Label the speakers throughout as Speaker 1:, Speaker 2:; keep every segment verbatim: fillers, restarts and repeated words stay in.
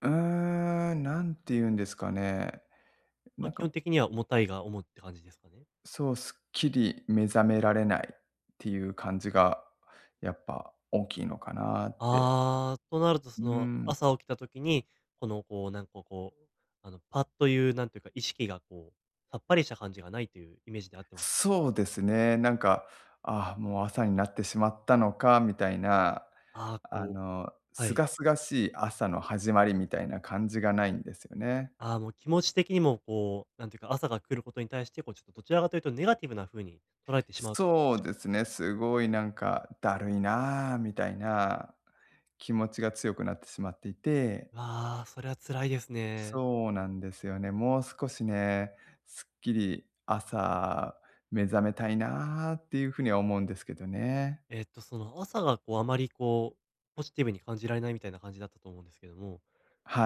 Speaker 1: うーん、何て言うんですかね。な
Speaker 2: ま、
Speaker 1: ん
Speaker 2: 基本
Speaker 1: か
Speaker 2: 的には重たいが主って感じですかね。
Speaker 1: そう、すっきり目覚められないっていう感じが、やっぱ大きいのかなって。
Speaker 2: ああ、となると、
Speaker 1: う
Speaker 2: その、
Speaker 1: ん。
Speaker 2: 朝起きた時に、このこうなんかこう、あの、パッというなんというか、意識がこう、さっぱりした感じがないというイメージであってますか？
Speaker 1: そうですね、なんか、「ああもう朝になってしまったのか」みたいな、
Speaker 2: ああ、
Speaker 1: あ
Speaker 2: こ
Speaker 1: の、
Speaker 2: うはい。
Speaker 1: 清々しい朝の始まりみたいな感じがないんですよね。
Speaker 2: ああ、もう気持ち的にもこう、なんていうか、朝が来ることに対して、こうちょっとどちらかというとネガティブなふうにとられてし
Speaker 1: す
Speaker 2: まう
Speaker 1: そうで
Speaker 2: [unintelligible]
Speaker 1: すね、すごいなんか「だるいなあ」みたいな気持ちが強くなってしまっていて
Speaker 2: わあ、それは辛いですね。
Speaker 1: そうなんですよね。もう少しね、すっきり朝目覚めたいなあっていうふうには思うんですけどね。
Speaker 2: えっと、その、朝がこうあまりこう、ポジティブに感じられないみたいな感じだったと思うんですけども、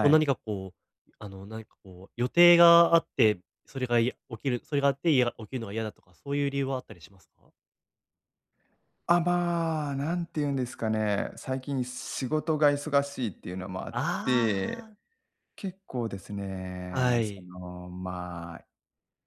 Speaker 2: こう何
Speaker 1: い。
Speaker 2: かこう、あの、なんかこう、予定があって、それがや起きる、それがあっていや起きるのが嫌だとか、そういう理由はあったりしますか？
Speaker 1: あ、まあ、何て言うんですかね、最近仕事が忙しいっていうのもあっ
Speaker 2: あ
Speaker 1: て、
Speaker 2: あ。
Speaker 1: 結構ですね、
Speaker 2: は
Speaker 1: そ
Speaker 2: い。
Speaker 1: の、まあ、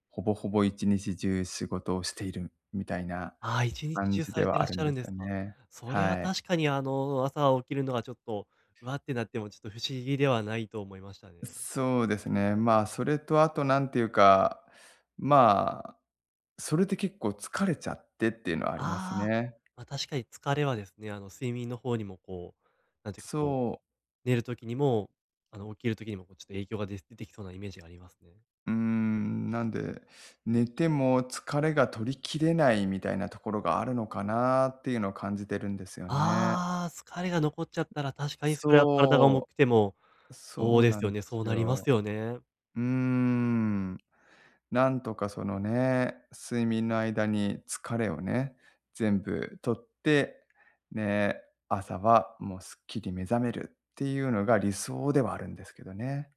Speaker 1: ほぼほぼいちにちじゅう仕事をしているみたいな、
Speaker 2: ああ、いちにち
Speaker 1: 感
Speaker 2: じゅう
Speaker 1: じ
Speaker 2: さ
Speaker 1: で
Speaker 2: れて
Speaker 1: はあ
Speaker 2: らっし
Speaker 1: るん
Speaker 2: ゃ
Speaker 1: で
Speaker 2: るん
Speaker 1: す
Speaker 2: で
Speaker 1: よ
Speaker 2: すか。
Speaker 1: ね。
Speaker 2: それは
Speaker 1: はい。
Speaker 2: 確かにあの、朝起きるのはちょっと、「わあ」ってなってもちょっと不思議ではないと思いましたね。
Speaker 1: んそうですね。まあ、それとあと何ていうか、まあ、それでけっこう疲れちゃってっていうのはあります
Speaker 2: ああ、
Speaker 1: ね。
Speaker 2: ま、確かに疲れはですね、あの、睡眠の方にもこう、なんていうかこう、
Speaker 1: そう。
Speaker 2: 寝る時にも、あの、起きる時にもこうちょっと影響がで出てきそうなイメージがありますね。
Speaker 1: うーん、なんで、寝ても疲れが取り切れないみたいなところがあるのかなっていうのを感じてるんですよね。
Speaker 2: ああ、疲れが残っちゃったら、確かにそれは体が重
Speaker 1: そ
Speaker 2: くても、
Speaker 1: う。
Speaker 2: そう
Speaker 1: そう
Speaker 2: で
Speaker 1: な
Speaker 2: す
Speaker 1: ん
Speaker 2: よ
Speaker 1: で
Speaker 2: ね、
Speaker 1: す
Speaker 2: そうなります
Speaker 1: よ。
Speaker 2: よね。
Speaker 1: うーん、なんとかそのね、睡眠の間に疲れをね、全部取って、ね、朝はもうすっきり目覚めるっていうのが理想ではあるんですけどね。